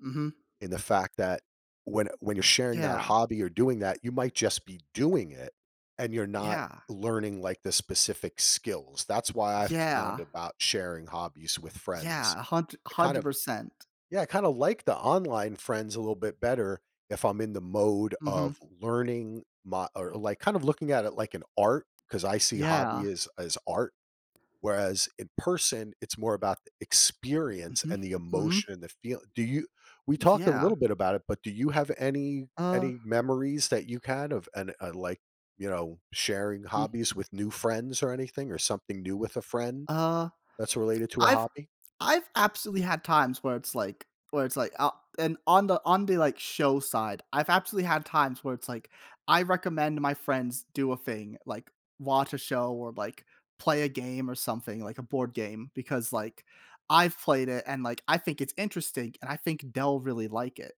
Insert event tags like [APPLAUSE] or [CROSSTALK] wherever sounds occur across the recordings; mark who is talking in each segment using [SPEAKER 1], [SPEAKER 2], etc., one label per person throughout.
[SPEAKER 1] Mhm.
[SPEAKER 2] And the fact that when when you're sharing that
[SPEAKER 1] Yeah.
[SPEAKER 2] hobby or doing that, you might just be doing it, and you're not
[SPEAKER 1] Yeah.
[SPEAKER 2] learning, like, the specific skills. That's why I found
[SPEAKER 1] Yeah.
[SPEAKER 2] about sharing hobbies with friends
[SPEAKER 1] Yeah, a hund
[SPEAKER 2] I, kind
[SPEAKER 1] hundred
[SPEAKER 2] of
[SPEAKER 1] percent.
[SPEAKER 2] yeah, kinda like the online friends a little bit better if I'm in the mode
[SPEAKER 1] Mhm.
[SPEAKER 2] of learning my or, like, kind of looking at it like an art 'cause I see hobby
[SPEAKER 1] Yeah.
[SPEAKER 2] as as art, whereas in person, it's more about experience,
[SPEAKER 1] Mhm,
[SPEAKER 2] and the
[SPEAKER 1] mhm.
[SPEAKER 2] emotion, and the feel. Do you we talked a
[SPEAKER 1] Yeah.
[SPEAKER 2] little bit about it, but do you have any
[SPEAKER 1] Uh
[SPEAKER 2] any memories that you had of and, uh, like, you know, sharing
[SPEAKER 1] Hmm.
[SPEAKER 2] hobbies with new friends, or anything, or something new with a friend
[SPEAKER 1] Uh,
[SPEAKER 2] that's related to a
[SPEAKER 1] I've
[SPEAKER 2] hobby?
[SPEAKER 1] I've absolutely had times where it's like where it's like, "Uh," and on the on the, like, show side, I've absolutely had times where it's like, I recommend my friends do a thing, like, watch a show, or, like, play a game, or something like a board game because, like, I've played it, and, like, I think it's interesting, and I think they'll really like it,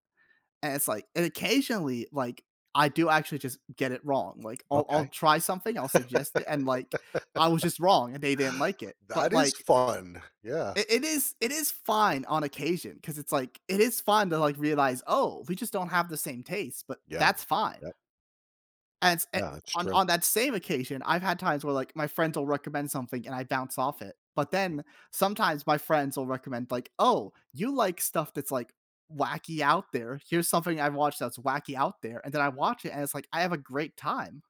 [SPEAKER 1] and it's, like and occasionally, like, I do actually just get it wrong. Like, I'll I'll
[SPEAKER 2] Okay.
[SPEAKER 1] try something, I'll suggest it, and, like, I was
[SPEAKER 2] [LAUGHS]
[SPEAKER 1] just wrong, and they didn't like it, but,
[SPEAKER 2] That is
[SPEAKER 1] like
[SPEAKER 2] fun, yeah.
[SPEAKER 1] i it is it is fine on occasion 'cause it's, like, it is fun to, like, realize, "Oh, we just don't have the same taste, but
[SPEAKER 2] Yeah,
[SPEAKER 1] that's fine."
[SPEAKER 2] yep.
[SPEAKER 1] And a
[SPEAKER 2] Yeah, it's
[SPEAKER 1] on
[SPEAKER 2] true.
[SPEAKER 1] on that same occasion, I've had times where, like, my friends will recommend something, and I bounce off it, but then
[SPEAKER 2] Mm.
[SPEAKER 1] sometimes my friends will recommend, like, "Oh, you like stuff that's, like, wacky out there. Here's something I watch that's wacky out there," and then I watch it, and it's like, I have a great time.